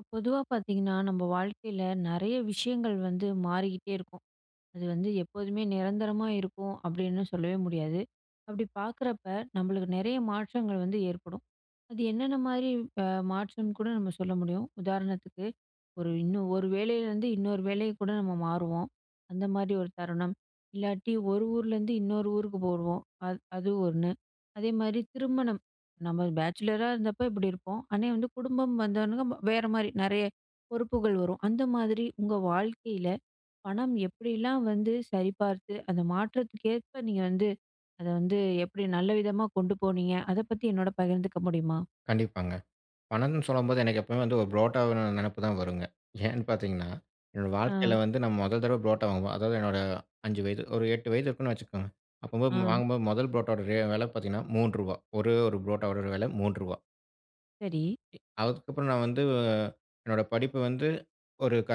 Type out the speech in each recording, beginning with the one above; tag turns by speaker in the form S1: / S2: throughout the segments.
S1: இப்ப பொதுவா பார்த்தீங்கன்னா, நம்ப வாழ்க்கையில நெறைய விஷயங்கள் வந்து மாறிகிட்டே இருக்கும். அது வந்து எப்போதுமே நிரந்தரமா இருக்கும் அப்டின்னு சொல்லவே முடியாது. அப்டி பார்க்றப்ப நம்மளுக்கு நெறைய மாற்றங்கள் வந்து ஏற்படும். அது என்னென்ன மாரி அ மாற்றம்னு கூட நம்ம சொல்ல முடியும். உதாரணத்துக்கு ஒரு இன்னும், ஒரு வேளையிலருந்து இன்னொரு வேலையை கூட நம்ம மாறுவோம் அந்த மாரி ஒரு தருணம். இல்லாட்டி ஒரு ஊருலருந்து இன்னொரு ஊருக்கு போவோம் அது அது 1 அதே மாரி திருமணம் நம்ம பேச்சிலரா இருந்தப்ப இப்டி இருப்போம். ஆனா வந்து குடும்பம் வந்தவன்னே வேற மாரி நெறைய பொறுப்புகள் வரும். அந்த மாதிரி உங்க வாழ்க்கையில பணம் எப்டிலாம் வந்து சரிபார்த்து அந்த மாற்றத்துக்கேற்ப நீங்க வந்து அத வந்து எப்டி நல்ல விதமா கொண்டு போனீங்க? அத பத்தி என்னோட பகிர்ந்துக்க முடியுமா?
S2: கண்டிப்பாங்க. பணம்னு சொல்லம்போது எனக்கு எப்போவுமே வந்து 1 ப்ரோட்டான்னு நெனைப்புதான் வரும்ங்க. ஏன்னு பார்த்தீங்கன்னா, என்னோட வாழ்க்கையில
S1: ஆ.
S2: வந்து நம்ம மொதல் தடவ புரோட்டா வாங்குவேன். அதாவது என்னோட 5 வயது ஒரு 8 வயது இருக்குன்னு வச்சுக்கோங்க. அப்பபோது
S1: ஆ.
S2: வாங்கும்போது முதல் ப்ரோட்டாவோட ரே வெல பார்த்தீங்கன்னா 3 ரூவா ஒரே 1 பரோட்டாவோட ஒரு வெல 3 ரூவா
S1: சரி.
S2: எ அதுக்கு அப்புறம் நான் வந்து என்னோட படிப்பு வந்து ஒரு க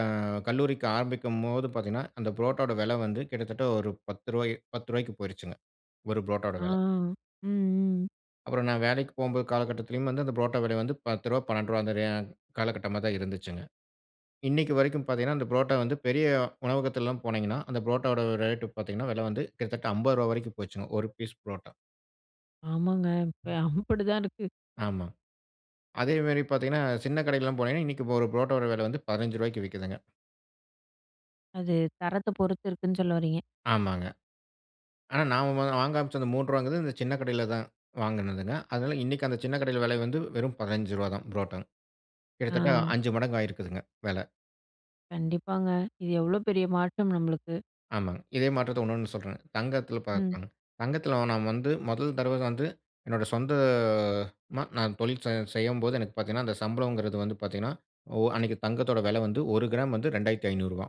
S2: கல்லூரிக்கு ஆரம்பிக்கம்போது பார்த்தீங்கன்னா, அந்த ப்ரோட்டாவோட வெல வந்து கிட்டத்தட்ட ஒரு 10 10 போய்ருச்சுங்க. ஒரு பரோட்டாவோட
S1: ஆ.
S2: வெல.
S1: ம், ம்.
S2: அப்புறம் நான் வேலைக்கு போம்போது காலகட்டத்திலும் வந்து அந்த புரோட்டா விலை வந்து ரூ. 10, ரூ. 12 அந்த காலகட்டமா தான் இருந்துச்சுங்க. இன்னிக்கு வரைக்கும் பாத்தீங்கன்னா, அந்த புரோட்டா வந்து பெரிய உணவகத்துல் எல்லாம் போனீங்கன்னா, அந்த பரோட்டா உடைய ரேட் பாத்தீங்கன்னா, விலை வந்து கிட்டத்தட்ட ரூ. 50 வரைக்கும் போய்ச்சு ஒரு பீஸ் புரோட்டா.
S1: ஆமாங்க. இப்ப அப்டிதான் இருக்கு!
S2: ஆமா. அதே மாரி பாத்தீங்கன்னா, சின்ன கடைக்கு எல்லாம் போனீங்கன்னா இன்னிக்கு ஒரு புரோட்டா விலை வந்து ரூ. 15 விக்குதுங்க.
S1: அது தரத்த பொறுத்து இருக்குன்னு சொல்ல வரீங்க?
S2: ஆமாங்க. ஆனா, நான் வாங்க ஆரம்பிச்ச அந்த ரூ. 3 இந்த சின்ன கடையில தான் வாங்கினதுங்க. அதனால இன்னைக்கு அந்த சின்ன கடையில விலை வந்து வெறும் ரூ. 15 தான் புரோட்டாங். கிட்டத்தட்ட
S1: ஆ.
S2: 5 மடங்கு ஆகியிருக்குதுங்க விலை.
S1: கண்டிப்பாங்க. இது எவ்ளோ பெரிய மாற்றம் நம்மளுக்கு.
S2: ஆமாம்ங்க. இதே மாற்றத்த இன்னொன்னு சொல்றன்ங்க. தங்கத்துல
S1: ம்.
S2: பார்க்கணும். தங்கத்துல நான் வந்து முதல் தடவை வந்து என்னோட சொந்த மா நான் தொழில் செய்யும்போது எனக்கு பாத்தீங்கன்னா, அந்த சம்பளம்ங்கிறது வந்து பாத்தீங்கன்னா அன்னைக்கு தங்கத்தோட விலை வந்து ஒரு கிராம் வந்து ரூ. 2,500.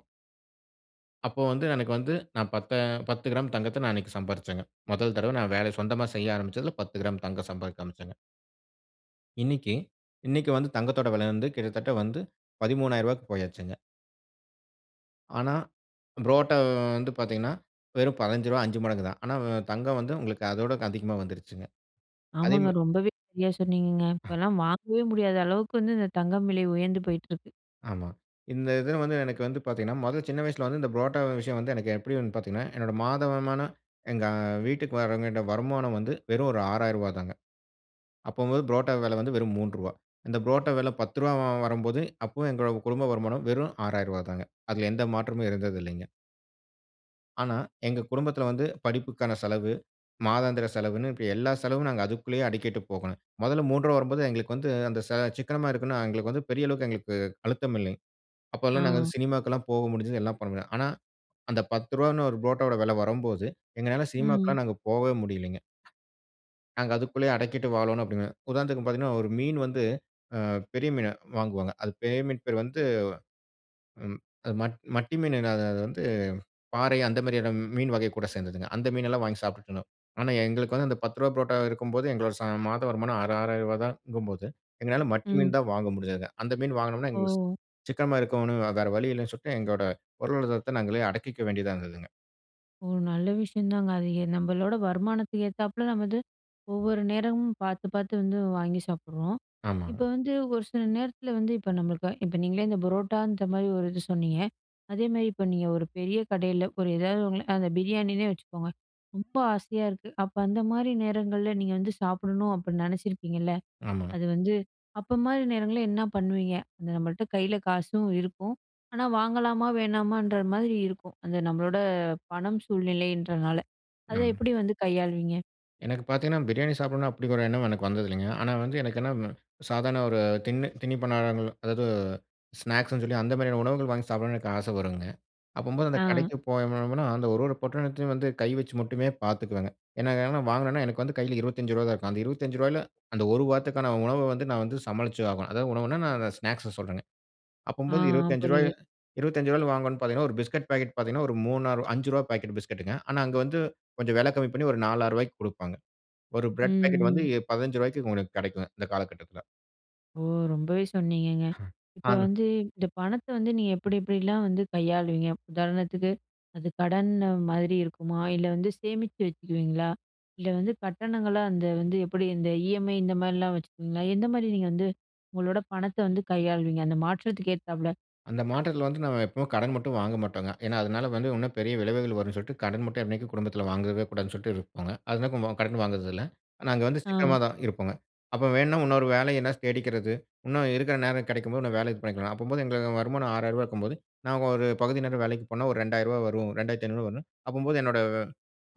S2: அப்போ வந்து எனக்கு வந்து நான் பத்த 10 கிராம் தங்கத்த நான் அன்னைக்கு சம்பாரிசங்க. முதல் தடவை நான் வேலை சொந்தமா செய்ய ஆரம்பிச்சதுல 10 கிராம் தங்கம் சம்பாதிக்க ஆரம்பிச்சங்க. இன்னிக்கு இன்னிக்கு வந்து தங்கத்தோட வில வந்து கிட்டத்தட்ட வந்து ரூ.13,000க்கு போயாச்சுங்க. ஆனா, புரோட்டா வந்து பாத்தீங்கன்னா வெறும் ரூ.15 5 மடங்குதான். ஆனா தங்கம் வந்து உங்களுக்கு அதோட அதிகமா வந்துடுச்சுங்க. அதே
S1: ஆமாங்க
S2: மே
S1: ரொம்பவே சரியா சொன்னீங்கங்க.
S2: அ.
S1: இப்போலாம் வாங்கவே முடியாத அளவுக்கு வந்து இந்த தங்கம் விலை உயர்ந்து போயிட்டிருக்கு.
S2: ஆமா. இந்த இத வந்து எனக்கு வந்து பாத்தீங்கன்னா, முத சின்ன வயசுல வந்து இந்த புரோட்டா விஷயம் வந்து எனக்கு எப்டி வந் பாத்தீங்கனா, என்னோட மாத வருமானம் எங்க வீட்டுக்கு வருவேண்டிய வருமானம் வந்து வெறும் ஒரு ரூ.6,000 தாங்க. அப்போ வந்து புரோட்டா வில வந்து வெறும் ரூ.3வா இந்த புரோட்டா விலை 10ரூவா வரும்போது அப்போ எங்ளோட குடும்ப வருமானம் வெறும் 6,000ரூவாதாங்க. அதுல எந்த மாற்றமும் இருந்ததில்லைங்க. ஆனா எங்க குடும்பத்துல வந்து படிப்புக்கான செலவு, மாதாந்திர செலவுனு இப்டி எல்லா செலவும் நாங்க அதுக்குள்ளேயே அடக்கிட்டு போகணும். முதல்ல ரூ.3வா வரும்போது எங்களுக்கு வந்து அந்த சா சிக்கனமா இருக்கனும்னா எங்களுக்கு வந்து பெரிய அளவுக்கு எங்களுக்கு அழுத்தம் இல்லங்க. அப்பலா நாங்க வந்து
S1: ஆ.
S2: சினிமாக்கெலாம் போக முடிஞ்சுது, எல்லாம் பண்ண முடியும். ஆனா அந்த ரூ.10வானு ஒரு புரோட்டாவோட வில வரும்போது எங்களால
S1: ம்.
S2: சினிமாக்கெல்லாம் நாங்க போவே முடியலங்க. நாங்க அதுக்குள்ளையே அடக்கிட்டு வாழணும் அப்டிங்கிற, உதாரணத்துக்கு பாத்தீங்கன்னா ஒரு மீன் வந்து ஆ பெரிய மீனா வாங்குவாங்க. அது பெரிய மீன் பேர் வந்து ம், அது மட் மட்டி மீன் இல்ல அ அ அது வந்து பாறை அந்த மேரியான மீன் வகை கூட சேந்தது தான். அந்த மீனெல்லாம் வாங்கி சாப்ட்டுட்டு இருந்தோம். ஆனா எங்களுக்கு வந்து அந்த 10ரூவா புரோட்டா இருக்கும்போது எங்களோட சா மாதம் வருமானம் ஆறா ரூ. 6,000வா தாங்கும்போது எங்களால் மட்டி
S1: ம்.
S2: மீன் தான் வாங்க முடிஞ்சதுங்க. அந்த மீன் வாங்கினோம்னா எங்களுக்கு
S1: ஓ!
S2: சிக்கனமா இருக்கோணும் வேற வழி இல்லன்னு சொல்லிட்டு எங்களோட பொருளாதரத்த நாங்களே அடக்கிக்க வேண்டியதா இருந்ததுங்க.
S1: ஓ நல்ல விஷயந்தாங்க, அது எ நம்பளோட வருமானத்துக்கு ஏத்தாப்புல, நம்ம வந்து ஒவ்வொரு நேரமும் பாத்து பாத்து வந்து வாங்கி சாப்பிடுறோம்.
S2: ஆமாங்க.
S1: இப்போ வந்து ஒரு சில நேரத்தில வந்து, இப்போ நம்மளுக்கு இப்போ நீங்களே இந்த புரோட்டா அந்த மாரி ஒரு இது சொன்னீங்க, அதே மாரி இப்போ நீங்க ஒரு பெரிய கடைல ஒரு ஏதாவது உங்கள அந்த பிரியாணின்னே வச்சுக்கோங்க, ரொம்ப ஆசையா இருக்கு. அப்ப அந்த மாரி நேரங்கள்ல நீங்க வந்து சாப்பிடணும் அப்டி நெனச்சிருப்பீங்கள்ல,
S2: ஆமா.
S1: அது வந்து அப்போ மாரி நேரங்கள்ல என்ன பண்ணுவீங்க? அந்த நம்மள்ட்ட கைல காசும் இருக்கும், ஆனா வாங்கலாமா வேணாமான்ற மாதிரி இருக்கும், அந்த நம்மளோட பணம் சூழ்நிலைன்றனால அதை
S2: ம்.
S1: எப்படி வந்து கையாளுவீங்க?
S2: எனக்கு பாத்தீங்கன்னா, பிரியாணி சாப்பிடணும் அப்டி ஒரு எண்ணம் எனக்கு வந்ததில்லைங்க. ஆனா வந்து எனக்கு என்ன சாதாரண ஒரு தின்னு தின்னிப்பண்டாரங்க, அதாவது ஸ்நாக்ஸுனு சொல்லி அந்த மாரியான உணவுகள் வாங்கி சாப்பிடணும்னு எனக்கு ஆசை வரும்ங்க. அப்பம்போது அந்த
S1: ஆ.
S2: கடைக்கு போணோம்னா, அந்த ஒரு ஒரு பொட்டணத்தையும் வந்து கை வச்சு மட்டுமே பாத்துக்குவேங்க. ஏன்னா, எதனா வாங்கனுனா, எனக்கு வந்து கையில ரூ. 25 தான் இருக்கும். அந்த ரூ. 25ல அந்த ஒரு வாரத்துக்கான உணவ வந்து நான் வந்து சமாளிச்சு ஆகும். அதாவு உணவுனா, நான் அத ஸ்நாக்ஸை சொல்றேங்க.
S1: ஆ
S2: அப்பம்போது
S1: ஆ
S2: ரூ. 25
S1: புரியுது.
S2: ரூ. 25ல வாங்கனுன்னு பாத்தீங்கன்னா, ஒரு பிஸ்கட் பாக்கெட் பாத்தீங்கன்னா ஒரு ரூ. 3 ரூ. 5 பாக்கெட் பிஸ்கட்டுங்க ஆனா அங்கு வந்து கொஞ்சம் விலை கம்மி பண்ணி ஒரு ரூ. 4, 6 குடுப்பாங்க. ஒரு
S1: ம்,
S2: பிரெட் பாக்கெட் வந்து
S1: ம்.
S2: எ ரூ. 15க்கு உங்களுக்கு கிடைக்குங்க இந்த காலகட்டத்தில.
S1: ஓ ரொம்பவே சொன்னிீங்கங்க.
S2: ஹ
S1: இப்ப
S2: அன்னு.
S1: வந்து இந்த பணத்த வந்து நீங்க எப்பிடி எப்பிடிலாம் வந்து கையாளுவீங்க? உதாரணத்துக்கு அது கடன் மாதிரி இருக்குமா? இல்ல வந்து சேமிச்சு வச்சிருவீங்களா? இல்ல வந்து கட்டணங்களா அந்த வந்து எப்பிடி இந்த இஎம்ஐ இந்தமாரிலாம் வச்சிருவீங்களா? எந்த மாரி நீங்க வந்து உங்களோட பணத்த வந்து கையாளுவீங்க? அந்த மாற்றத்துக்கு ஏத்தாப்ல.
S2: அந்த மாற்றத்தில வந்து நம்ம எப்பவுமே கடன் மட்டும் வாங்க மாட்டோங்க. ஏன்னா அதுனால வந்து இன்னும் பெரிய விளைவுகள் வரும்ன்னு சொல்ட்டு, கடன் மட்டும் என்னைக்கும் குடும்பத்தில வாங்கவே கூடாதுன்னு சொல்ட்டு இருப்பங்க. அது [unintelligible] கடன் வாங்குறது இல்ல. நாங்க வந்து
S1: அ.
S2: சிக்கனமா தான் இருப்பங்க. அப்ப வேணா இன்னொரு வேலைய எதுனா தேடிக்கிறது. இன்னும் இருக்கிற நேரம் கிடைக்கும்போது இன்னும் வேலைய இது பண்ணிக்கணும். அப்பம்போது எங்களுக்கு வருமானம் 6000 இருக்கும்போது, நாங்க ஒரு பகுதி நேரம் வேலைக்கு போனா, ஒரு 2000 வரும். 2500 வருனு அப்பம்போது என்னோட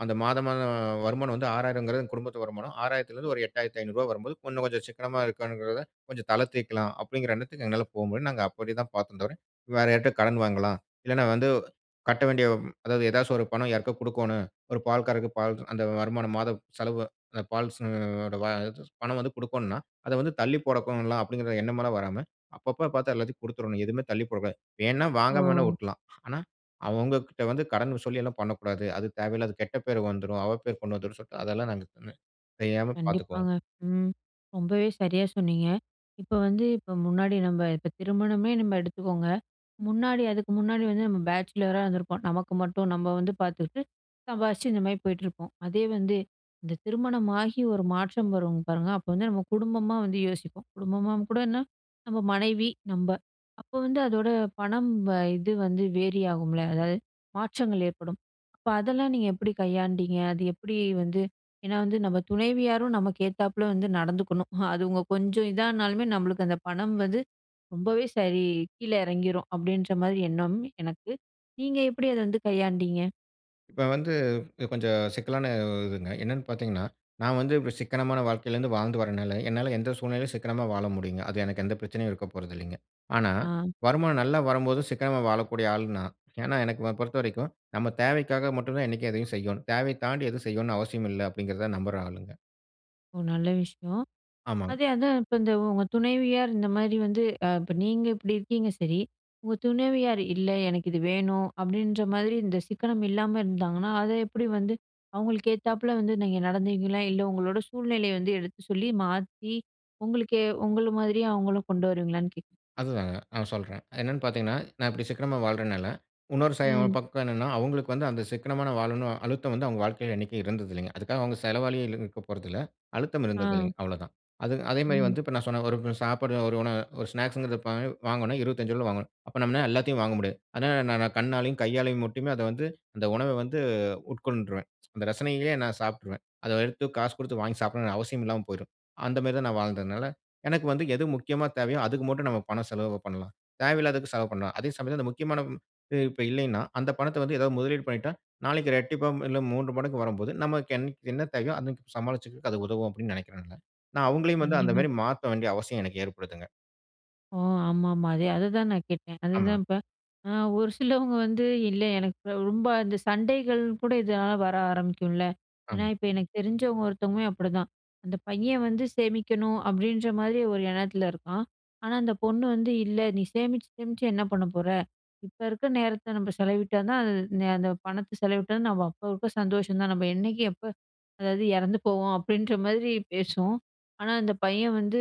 S2: அந்த மாத, மாதம் வருமானம் வந்து 6000 குடும்பத்து வருமானம். 6000 இருந்து ஒரு 8500 வரும்போது இன்னும் கொஞ்சம் சிக்கனமா இருக்கணுங்கிறத கொஞ்சம் தளரத்திக்கலாம். அப்பிடிங்கிற எண்ணத்துக்கு எங்களால போ முடியும். நாங்க அப்பிடி தான் பார்த்தோம் தவிர, வேறு யார்ட்ட கடன் வாங்கலாம். இல்லன்னா வந்து கட்ட வேண்டிய அதாவது எதாச்சும் ஒரு பணம் யாருக்கா கொடுக்கணும். ஒரு பால்காரருக்கு பால் அந்த வருமானம் மாத செலவு அந்த பால் செலவு பணம் வந்து கொடுக்கணுனா, அத வந்து தள்ளி போடக்கும்லாம் அப்பிடிங்கிற எண்ணமெல்லாம் வராம, அப்பப்போ பார்த்தா எல்லாத்தையும் கொடுத்துரணும். எதுமே தள்ளி போடக் கூடாது. வேணா வாங்காம வேணா
S1: ஓஹோ!
S2: விட்டுர்லாம் ஆனா, அவுங்ககிட்ட வந்து கடன் சொல்லி எல்லாம் பண்ணக்கூடாது. அது தேவையில்லாத கெட்ட பேரு வந்துரும். அவ பேரு கொண்டு வந்துரும் சொல்ட்டு அதெல்லாம் நாங்க தெரியாம பார்த்துக்குவோம்.
S1: கண்டிப்பாங்க. ம். ரொம்பவே சரியா சொன்னீங்க. இப்ப வந்து இப்ப முன்னாடி நம்ப இப்ப திருமணமே நம்ம எடுத்துக்கோங்க. முன்னாடி அதுக்கு முன்னாடி வந்து நம்ம பேச்சிலர் அ இருந்திருப்போம். நமக்கு மட்டும் நம்ம வந்து பார்த்துக்கிட்டு சம்பாதிச்சு இந்தமாரி போயிட்டிருப்போம். அதே வந்து இந்த திருமணமாகி ஒரு மாற்றம் வரும் பாருங்க. அப்ப வந்து நம்ம குடும்பமா வந்து யோசிப்போம். குடும்பமாம் கூடன்னா, நம்ம மனைவி நம்ப அப்போ வந்து அதோட பணம் வந்து இது வந்து வேரி ஆகும்ல. அதாவது மாற்றங்கள் ஏற்படும். அப்ப அதெல்லாம் நீங்க எப்பிடி கையாண்டீங்க. அது எப்பிடி வந்து ஏன்னா வந்து நம்ம துணைவியாரும் நமக்கு ஏத்தாப்ல வந்து நடந்துக்கணும். அது உங்க கொஞ்சம் இதா ஆனாலுமே நம்மளுக்கு அந்த பணம் வந்து ரொம்பவே சரி கீழ இறங்கிரும். அப்பிடின்றமாரி எண்ணம் எனக்கு நீங்க எப்பிடி அத வந்து கையாண்டீங்க?
S2: இப்ப வந்து கொஞ்சம் சிக்கலான இதுங்க. என்னன்னு பார்த்தீங்கன்னா, நான் வந்து இப்படி சிக்கனமான வாழ்க்கையில இருந்து வாழ்ந்து வரனால, என்னால எந்த சூழ்நிலையிலும் சிக்கனமா வாழ முடியுங்க. அது எனக்கு எந்த பிரச்சனையும் இருக்க போறதில்லேங்க. ஆனா
S1: ஆ.
S2: வருமானம் நல்லா வரும்போது சிக்கனமா வாழக்கூடிய ஆள் நான். "ஏன்னா, எனக்கு வ பொறுத்தவரைக்கும் நம்ம தேவைக்காக மட்டும் தான் என்னைக்கும் எதையும் செய்யோணும். தேவைய தாண்டி எதுவும் செய்யோணும்ன்னு அவசியமில்ல." அப்படீங்கிறத நம்புற ஆளுங்க.
S1: ஓ! நல்ல விஷயம்.
S2: ஆமாங்க.
S1: அதே அதான் இப்ப இந்த உங்க துணைவியார் இந்தமாரி வந்து அ இப்ப நீங்க இப்படி இருக்கீங்க சரி. உங்க துணவியார், "இல்ல எனக்கு இது வேணும்." அப்படீன்ற மாரி இந்த சிக்கனம் இல்லாம இருந்தாங்கன்னா, அத எப்படி வந்து அவுங்களுக்கு ஏத்தாப்ல வந்து நீங்க நடந்தீங்களா? இல்ல, உங்களோட சூழ்நிலைய வந்து எடுத்து சொல்லி, மாத்தி, உங்களுக்கே உங்கள மாதிரியே அவுங்களும் கொண்டு வருவீங்களான்னு கேட்கிறேன்.
S2: அதுதாங்க. நான் சொல்றேன். அது என்னன்னு பார்த்தீங்கன்னா, நான் இப்படி சிக்கனமா வாழ்றனால இன்னொரு சயம்
S1: ம்.
S2: பக்கம் என்னன்னா, அவுங்களுக்கு வந்து, "அந்த சிக்கனமா நான் வாழணும்." அழுத்தம் வந்து அவுங்க வாழ்க்கையில என்னைக்கும் இருந்தது இல்லேங்க. அதுக்காக அவுங்க செலவாளியே இல்லேன்னு இருக்கப் போறதில்ல. அழுத்தம்
S1: ஆ.
S2: இருந்ததில்லேங்க, அவ்வளோதான். அது அதேமாரி
S1: ம்.
S2: வந்து இப்ப நான் சொன்ன ஒரு [unintelligible] சாப்பாடு ஒரு உணவு ஒரு ஸ்நாக்ஸ்ங்கிறது இப்ப அ வாங்குணும்னா ரூ. 25ல வாங்கணும். அப்ப நம்மலாள எல்லாத்தையும் வாங்க முடியாது. அதனால நான் நான் கண்ணாலயும், கையாலயும் மட்டுமே அத வந்து, அந்த உணவ வந்து உட்கொண்ருவேன். அந்த ரசனையிலேயே நான் சாப்பிட்டுருவேன். அத எடுத்து காசு குடுத்து வாங்கி சாப்பிடணும்ன்னு அவசியமில்லாம போயிரும். அந்தமாரி தான் நான் வாழ்ந்ததுனால, எனக்கு வந்து எது முக்கியமா தேவையோ, அதுக்கு மட்டும் நாம பணம் செலவு பண்ணலாம். தேவையில்லாததுக்கு செலவு பண்ணல. "அதே சமயத்தில, அந்த முக்கியமான ம் இப்ப இல்லையின்னா, அந்த பணத்த வந்து எதாவது முதலீடு பண்ணீட்டா, நாளைக்கு ரெட்டிப்பா ம் இல்ல 3 மடங்கு வரும்போது நமக்கு என் என்ன தேவையோ? அன்னைக்கு சமாளிச்சிக்கிறதுக்கு அது உதவும்." அப்படீன்னு நெனைக்கிறேன்ல்ல. நான் அவுங்களையும் வந்து,
S1: கண்டிப்பா.
S2: அந்தமாரி மாத்த வேண்டிய அவசியம் எனக்கு ஏற்படுதுங்க.
S1: ஓ, ஆமா, ஆமா, அதே அதுதான் நான் கேட்டேன்.
S2: ஆமா.
S1: அதுதான் இப்ப. அ, ஒரு சிலவுங்க வந்து, இல்லை எனக்கு ரொம்ப அந்த சண்டைகள் கூட இதனால வர ஆரம்பிக்கும்ல. ஏன்னா,
S2: ஆமா.
S1: இப்ப எனக்கு தெரிஞ்சவங்க ஒருத்தவங்களும் அப்பிடிதான். அந்த பையன் வந்து சேமிக்கணும் அப்பிடின்றமாரி ஒரு எண்ணத்தில இருக்கான், ஆனா அந்த பொண்ணு வந்து இல்ல, நீ சேமிச்சு, சேமிச்சு என்ன பண்ணப் போற? இப்ப இருக்க நேரத்த நம்ப செலவிட்டா தான் அது நீ அந்த பணத்த செலவிட்டா நம்ம அப்ப, அப்ப சந்தோஷம் தான். நம்ப என்னைக்கி எப்ப அதாவது இறந்து போவோம் அப்பிடின்ற மாதிரி பேசும். ஆனா அந்த பையன் வந்து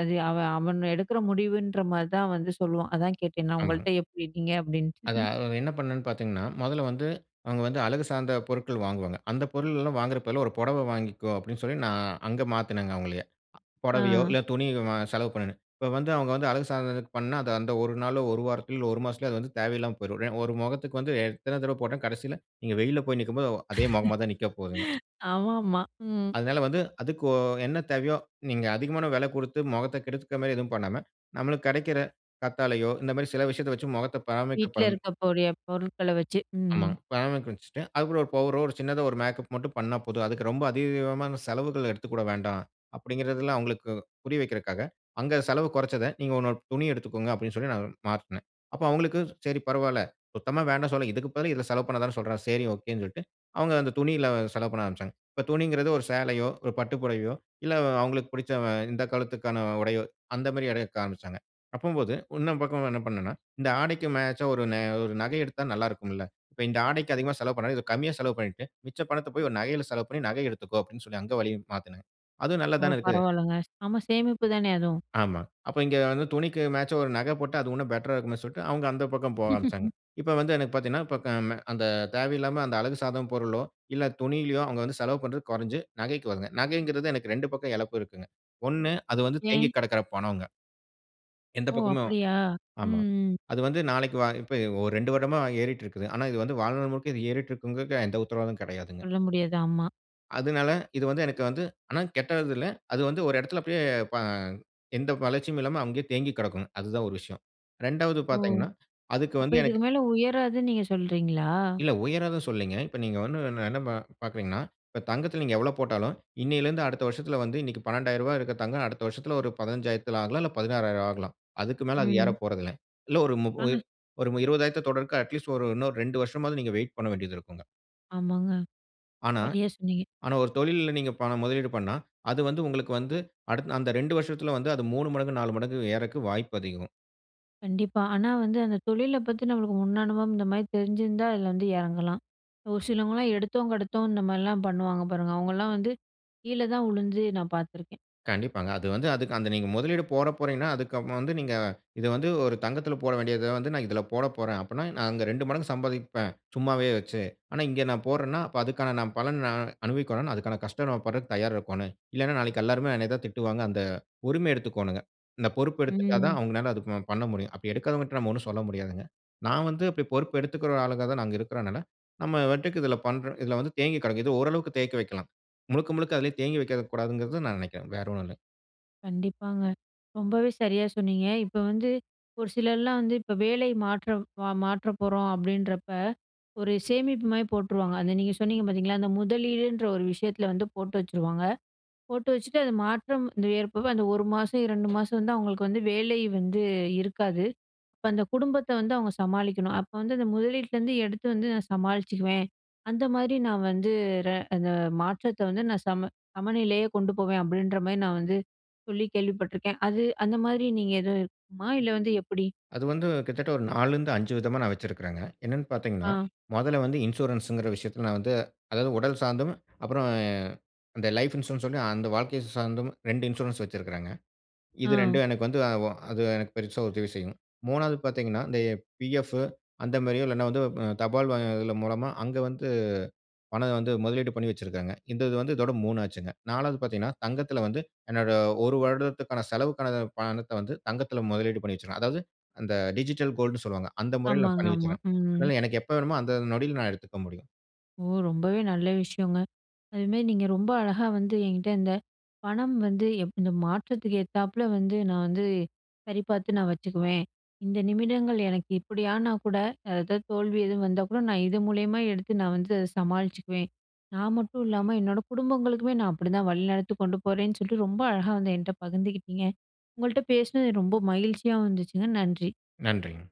S1: அது அவன், அவன் எடுக்கிற முடிவுன்றமாரி தான் வந்து சொல்லுவான். அதான் கேட்டேன். நான்
S2: ஆமா.
S1: உங்கள்ட்ட, "எப்பிடி இருக்கீங்க?" அப்பிடின்ட்டு
S2: அதான். அத என்ன பண்ணேன்னு பாத்தீங்கன்னா, மொதல்ல வந்து அவுங்க வந்து அழகு சார்ந்த பொருட்கள் வாங்குவாங்க. அந்த பொருள் எல்லாம் வாங்கிறப் பதிலா, ஒரு புடவ வாங்கிக்கோ! அப்பிடின்னு சொல்லி, நான் அங்க மாத்துனேங்க அவுங்கள புடவையோ
S1: ஆ.
S2: இல்ல துணியு [unintelligible] செலவு பண்ணுனேன். இப்ப வந்து அவுங்க வந்து அழகு சாதனதுக்குப் பண்னா, அது அந்த ஒரு நாளோ, ஒரு வாரத்திலோ, ஒரு மாசத்திலோ அது வந்து தேவையில்லாம போயிரும். ஏ ஒரு முகத்துக்கு வந்து எத்தன தடவை போட்டா, கடசில நீங்க வெயில்ல போய் நிக்கும்போது ஒ அதே முகமா தான் நிக்க போதுங்க.
S1: ஆமா ஆமா. ம்.
S2: அதனால வந்து அதுக்கு ஒ என்ன தேவையோ, நீங்க அதிகமான விலை கொடுத்து முகத்த கெடுத்துக்க மாரி எதுவும் பண்ணாம, நம்மளுக்கு கிடைக்கிற கத்தாழையோ, இந்தமாரி சில விஷயத்த வச்சி முகத்த பராமரிக்க
S1: வீட்ல
S2: பண்
S1: இருக்கக்கூடிய பொருள்கள வச்சு. ம்,
S2: ஆமாங்க,
S1: ம்.
S2: பராமரிக்க வச்சிட்டு, அது கூட ஒரு பவுடரோ ஒரு சின்னதா ஒரு மேக்கப் மட்டும் பண்னா போதும். அதுக்கு ரொம்ப அதிகமான செலவுகள் எடுத்துக்கொள்ள வேண்டாம். அப்பிடிங்கிறதில அவுங்களுக்கு புரிய வைக்கிறக்காக அங்க செலவு கொறச்சத நீங்க ஒரு ஒன்னு துணி எடுத்துக்கோங்க அப்பிடின்னு சொல்லி நான் மாற்றுனேன். அப்போ அவுங்களுக்கு சரி, பரவால்ல. சுத்தமா வேண்டான் சொல்லல இதுக்கு பதிலு இதில செலவு பண்ண தானே சொல்றாரு. செரி, ஒகேன்னு சொல்ட்டு, அவுங்க அந்த துணியில செலவு பண்ண ஆரம்பிச்சாங்க. இப்ப துணிங்குறது ஒரு சேலையோ, ஒரு பட்டு புடவையோ இல்ல, அவுங்களுக்கு புடிச்ச அ இந்த காலத்துக்கான உடையோ அந்த மாரி எடுக்க ஆரம்பிச்சாங்க. அப்பம்போது இன்னொரு பக்கம் என்ன பண்ணன்னா, இந்த ஆடைக்கு மேட்சா ஒரு ந ஒரு நகை எடுத்தா நல்லாருக்கும்ல்ல! இப்ப இந்த ஆடைக்கி அதிகமா செலவு பண்ணாம இத கம்மியா செலவு பண்ணிட்டு, மிச்ச பணத்த போய் ஒரு நகையில செலவு பண்ணி நகை எடுத்துக்கோ! அப்பிடின்னு சொல்லி அங்க வழியும் மாத்துனேன். அதுவும் நல்லா
S1: ஓ!
S2: தானே இருக்கு.
S1: பரவால்லங்க. ஆமா, சேமிப்புதானே! அதுவும்.
S2: ஆமா. அப்ப இங்க வந்து துணிக்கு மேட்சா ஒரு நகை போட்டா, அது உன்னும் பெட்ரா இருக்குமேன்னு சொல்ட்டு அவுங்க அந்த பக்கம் போக ஆரம்பிச்சாங்க. இப்போ வந்து எனக்கு பாத்தீங்கன்னா, இப்ப க ம அந்த தேவையில்லாம அந்த அழகு சாதன பொருளோ, இல்ல துணியிலயோ அவுங்க வந்து செலவு பண்றது கொறஞ்சு, நகைக்கு [unintelligible] நகைங்கிறது எனக்கு 2 பக்கம் இழப்பு இருக்குங்க. ஒன்னு அது வந்து தேங்கி
S1: ஏன்?
S2: கிடக்குற பணோங்க. எந்த
S1: ஓ!
S2: பக்கமும்
S1: அப்பிடியா?
S2: ஆமா.
S1: ம், ம்.
S2: அது வந்து நாளைக்கு வா இப்ப ஒரு 2 வருடமா ஏறிட்டு இருக்குது. ஆனா, இது வந்து வாழ்நாள் முழுக்க ஏறிட்டு இருக்கும்ங்கிறதுக்கு எந்த உத்தரவாதமும் கிடையாதுங்க.
S1: சொல்ல முடியாது. ஆமா.
S2: அதனால இது வந்து எனக்கு வந்து ஆனா கெட்டது இல்ல. அது வந்து ஒரு இடத்தில அப்பிடியே ப எந்த வளர்ச்சியும் இல்லாம அங்கேயே தேங்கி கிடக்கணும். அது தான் ஒரு விஷயம். 2வது
S1: ஓ!
S2: பார்த்தீங்கன்னா, அதுக்கு
S1: அப்ப
S2: வந்து எனக்கு
S1: இதுக்கு மேலே உயராதுன்னு நீங்க சொல்றீங்களா?
S2: இல்ல உயராது சொல்லேங்க. இப்ப நீங்க வந்து என்ன, என்ன ப பார்க்கிறீங்கன்னா, இப்ப தங்கத்தில நீங்க எவ்ளோ போட்டாலும், இன்னையில இருந்து அடுத்த வருஷத்துல வந்து இன்னக்கி ரூ. 12,000 இருக்க தங்கம் அடுத்த வருஷத்துல ஒரு 15,000ல ஆகலாம். இல்ல ரூ. 16,000 ஆகலாம். அதுக்கு மேல அது
S1: ம்.
S2: ஏறப்போறதில்ல. இல்ல ஒரு மு உ
S1: ஆனா,
S2: ஒரு 20,000 தொட்ரக்கு, அட்லீஸ்ட் ஒரு இன்னும் ஒரு 2 வருஷமாவது நீங்க வெயிட் பண்ண வேண்டியது இருக்குங்க.
S1: ஆமாங்க.
S2: ஆனா,
S1: சரியாக சொன்னீங்க.
S2: ஆனா ஒரு தொழில்ல நீங்க பணம் முதலீடு பண்ணா, அது வந்து உங்களுக்கு வந்து அடுத் அந்த 2 வருஷத்தில வந்து அது 3 மடங்கு 4 மடங்கு ஏறக்கு வாய்ப்பு அதிகம்.
S1: கண்டிப்பா. ஆனா வந்து அந்த தொழில பத்தி நம்மளுக்கு முன் அனுபவம் இந்தமாரி தெரிஞ்சிருந்தா, அதில வந்து இறங்கலாம். ஒரு சிலவங்கலாம் எடுத்தோம், கெடுத்தோம் இந்தமாரிலாம் பண்ணுவாங்க பாருங்க. அவுங்கள்லாம் வந்து கீழ தான் விழுந்து நான் பார்த்துருக்கேன்.
S2: கண்டிப்பாங்க. அது வந்து அதுக் அந்த நீங்க முதலீடு போடப் போறீங்கன்னா, அதுக்கு அப்புறம் வந்து நீங்க இத வந்து ஒரு தங்கத்தில போட வேண்டியத வந்து நான் இதில போடப்போறேன் அப்புட்ன்னா, நான் அங்க 2 மடங்கு சம்பாதிப்பேன். சும்மாவே வச்சு. ஆனா இங்க நான் போட்றன்னா, அப்ப அதுக்கான நான் பலன் நான் அனுபவிக்கணுனா அதுக்கான கஷ்டம் நம்ம பட்றக்கு தயாரா இருக்கோன்னு. இல்லன்னா, நாளைக்கி எல்லாருமே என்னைய தான் திட்டுவாங்க. அந்த உரிமை எடுத்துக்கோணுங்க. இந்த பொறுப்பு எடுத்துட்டா தான்
S1: ம்.
S2: அவுங்கனால அத ப பண்ண முடியும். அப்பிடி எடுக்காதவங்கட்ட நம்ம ஒன்னும் சொல்ல முடியாதுங்க. நான் வந்து அப்பிடி பொறுப்பு எடுத்துக்கிற ஆளுங்க தான் நாங்க இருக்கிறனால, நம்ம வாட்டக்கு இதில பண்ற இதில வந்து தேங்கி கிடக்குது. இது ஓரளவுக்கு தேக்கி வைக்கலாம். முழுக்க, முழுக்க அதுலே தேங்கி வைக்க கூடாதுங்கிறதும் நான் நினைக்கிறேன். வேற ஒன்னும் இல்ல.
S1: கண்டிப்பாங்க. ரொம்பவே சரியா சொன்னீங்க. இப்ப வந்து ஒரு சிலர்லாம் வந்து இப்ப வேலை மாற்றம் மாற்ற போறோம் அப்டீன்றப்ப ஒரு சேமிப்பு மாரி போட்டுருவாங்க. அந்த நீங்க சொன்னீங்க பாத்தீங்களா, அந்த முதலீடுன்ற ஒரு விஷயத்துல வந்து போட்டு வச்சுருவாங்க. போட்டு வச்சுட்டு அந்த மாற்றம் ஏற்ப அந்த 1 மாசம், 2 மாசம் வந்து அவங்களுக்கு வந்து வேலை வந்து இருக்காது. அப்ப அந்த குடும்பத்த வந்து அவங்க சமாளிக்கணும். அப்ப வந்து அந்த முதலீட்டுலேருந்து எடுத்து வந்து நான் சமாளிச்சிக்குவேன். அந்த மாரி நான் வந்து ர அந்த மாற்றத்த வந்து நான் சம சமநிலையே கொண்டு போவேன். அப்டீன்ற மாரி நான் வந்து சொல்லி கேள்விப்பட்டுருக்கேன். அது அந்த மாரி நீங்க எதுவும் இருக்குமா இல்ல, வந்து எப்டி?
S2: அது வந்து கிட்டத்தட்ட ஒரு 4 லருந்து 5 விதமா நான் வச்சிருக்கேங்க. என்னானு பாத்தீங்கன்னா,
S1: ஆ.
S2: மொதல வந்து இன்சூரன்ஸ்ன்குற விஷயத்துல நான் வந்து அதாவது உடல் சார்ந்தும், அப்புறம் அந்த லைஃப் இன்சூரன்ஸ் சொல்லி அந்த வாழ்க்கைய சார்ந்தும் 2 இன்சூரன்ஸ் வச்சிருக்கேங்க. இது
S1: ஆ.
S2: 2ம் எனக்கு வந்து அது எனக்கு பெரிசா உதவி செய்யும். மூணாவது பாத்தீங்கன்னா, இந்த பிஎஃப் அந்த மாதிரியோ இல்லன்னா, வந்து தபால் மூலமா அங்கு வந்து பணம் வந்து முதலீடு பண்ணி வச்சுருக்காங்க. இந்த இது வந்து இதோட மூணாச்சிங்க. நாலாவது பாத்தீங்கன்னா, தங்கத்துல வந்து என்னோட ஒரு வருடத்துக்கான செலவுக்கான பணத்த வந்து தங்கத்துல முதலீடு பண்ணி வச்சிருக்கேன். அதாவது அந்த டிஜிட்டல் கோல்ட்னு சொல்வாங்க. அந்த முறையில நான்
S1: ஆமாங்க,
S2: பண்ணி
S1: ஆமா.
S2: வச்சிருக்கேன்.
S1: ம்.
S2: அதுனால எனக்கு எப்போ வேண்டுமோ அந்த நொடியில நான் எடுத்துக்க முடியும்.
S1: ஓ! ரொம்பவே நல்ல விஷயங்க. அது மாரி நீங்க ரொம்ப அழகா வந்து, என்கிட்ட இந்த பணம் வந்து எப் இந்த மாற்றத்துக்கு ஏத்தப்பல வந்து நான் வந்து சரிபார்த்து நான் வச்சுக்குவேன். இந்த நிமிடங்கள் எனக்கு இப்டியானா கூட ஏதாவது தோல்வி எதுவும் வந்தா கூட நான் இது மூலியமா எடுத்து நான் வந்து அத சமாளிச்சிக்குவேன். நான் மட்டும் இல்லாம என்னோட குடும்பங்களுக்குமே நான் அப்டீதான் வழிநடத்து கொண்டு போறேன்னு சொல்ட்டு ரொம்ப அழகா வந்து என்கிட்ட பகிர்ந்துக்கிட்டீங்க. உங்கள்ட்ட பேசுனது ரொம்ப மகிழ்ச்சியாவும் இருந்துச்சுங்க. நன்றி.
S2: நன்றிங்க.